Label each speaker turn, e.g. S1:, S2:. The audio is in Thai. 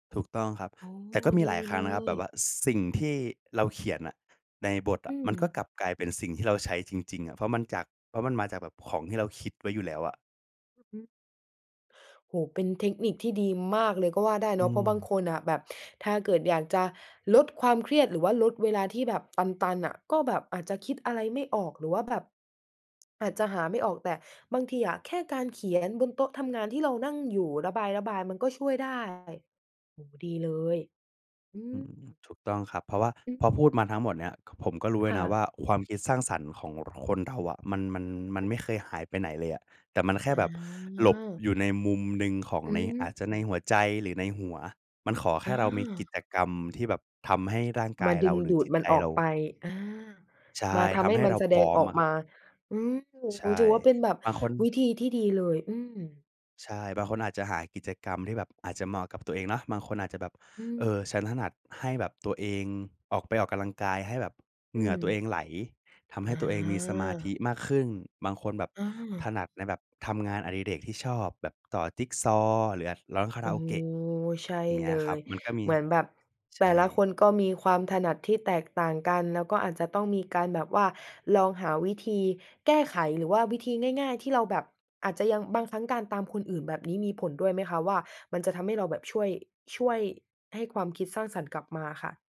S1: ถูกต้องครับ
S2: อ๋อ
S1: แต่ก็มี
S2: ด
S1: หล
S2: ี
S1: ายครั
S2: เ
S1: ้
S2: ล
S1: งนะครับ แบ
S2: ย
S1: บว่าสิ่งที่เราเขียนอะในบท
S2: อ
S1: อ
S2: ื
S1: ะ มันก็
S2: ม
S1: กลับกลายเป็นสิ่งที่เราใช้จริง ๆ อะ เพราะมันจาก เพราะมันมาจากแบบของที่เราคิดไว้อยู่แล้วอะ
S2: อือฮึ โอ้โฮ เป็นเทคนิคที่ดีมากเลยก็ว่าได้
S1: อ
S2: เนา
S1: ื
S2: ะ เพราะบาง
S1: ม
S2: คนอะแบบ ถ้าเกิดอยากจะลดความเครียดหรือว่าลดเวลาที่แบบตัน ๆ อะ ก็แบบอาจจะคิดอะไรไม่ออก หรือว่าแบบ อาจจะหาไม่ออก แต่บางทีอะแค่การเขียนบนโต๊ะทำงานที่เรานั่งอยู่ ระบาย ๆ มันก็ช่วยได้ โอ้โฮ ดีเลย อื
S1: อื
S2: ม
S1: ม ถูกต้องครับ เพราะว่า
S2: อื
S1: พ
S2: ม
S1: อพูดมาทั้งหมดเนี้ย ผมก็รู้เล
S2: ค
S1: ย
S2: ่
S1: นะ
S2: ะ
S1: ว่า ความคิดสร้างสรรค์ของคนเราอะมัน มัน มันไม่เคยหายไปไหนเลยอะ แต่มันแค่
S2: อ๋
S1: แบบหลบ
S2: อ
S1: อยู่ในมุมหนึ่งของ
S2: อื
S1: ใน อาจจะใน
S2: ม
S1: หัวใจหรือในหัว มันขอแค
S2: อ
S1: ่เรามีกิ
S2: า
S1: จกรรมที่แบบทำให้ร่างก
S2: ม
S1: า
S2: า
S1: ย
S2: ด
S1: เร
S2: ึ
S1: า
S2: ง
S1: หรื
S2: ด
S1: อ
S2: ู
S1: จ
S2: ด
S1: ิต
S2: มั
S1: ใ
S2: น
S1: จ
S2: ออ
S1: เร
S2: กไป
S1: า
S2: อา
S1: ใช
S2: ม
S1: ่
S2: าท
S1: ท
S2: ำให
S1: ำ
S2: ้
S1: ให้
S2: มั
S1: เ
S2: น
S1: รา
S2: แส
S1: พ
S2: ด
S1: ร
S2: ง
S1: ้อม
S2: ออ
S1: อ
S2: ก
S1: ะคร
S2: ม
S1: ับ
S2: า อืม
S1: ใช่
S2: ถือว่าเป็นแบบ
S1: บางคน
S2: วิธีที่ดีเลย อืม
S1: ใช่ บางคนอาจจะหากิจกรรมที่แบบอาจจะเหมาะกับตัวเองเนาะ บางคนอาจจะแบบ
S2: อื
S1: เอ
S2: ม
S1: อ ฉันถนัดให้แบบตัวเองออก ไปออกกำลังกาย ให้แบบเ
S2: อ
S1: ห
S2: ื
S1: งื่อตัว
S2: ม
S1: เองไหล ทำให
S2: อ
S1: ้ตัวเองมีสมาธิ
S2: า
S1: มากขึ้น บางคนแบบ
S2: อื
S1: ถน
S2: ม
S1: ัดในแบบทำงานอดิเรกที่ชอบแบบต่อจิกซอว์หรือ อะ ร้องคา
S2: โ
S1: ร
S2: อ
S1: า
S2: ้
S1: โอเกะ
S2: ใช่
S1: อย่างเงี
S2: เ
S1: ้
S2: ล
S1: ยครับ
S2: ย
S1: มันก็มี
S2: เหมือนแบบ
S1: ใ
S2: แ
S1: ช
S2: ต่ละค
S1: ่
S2: นก็มีความถนัดที่แตกต่างกัน แล้วก็อาจจะต้องมีการแบบว่าลองหาวิธีแก้ไขหรือว่าวิธีง่าย ๆ ที่เราแบบอาจจะยัง บางครั้งการตามคนอื่นแบบนี้มีผลด้วยไหมคะว่า มันจะทำให้เราแบบช่วย ช่วยให้ความคิดสร้างสรรค์กลับมาค่ะ?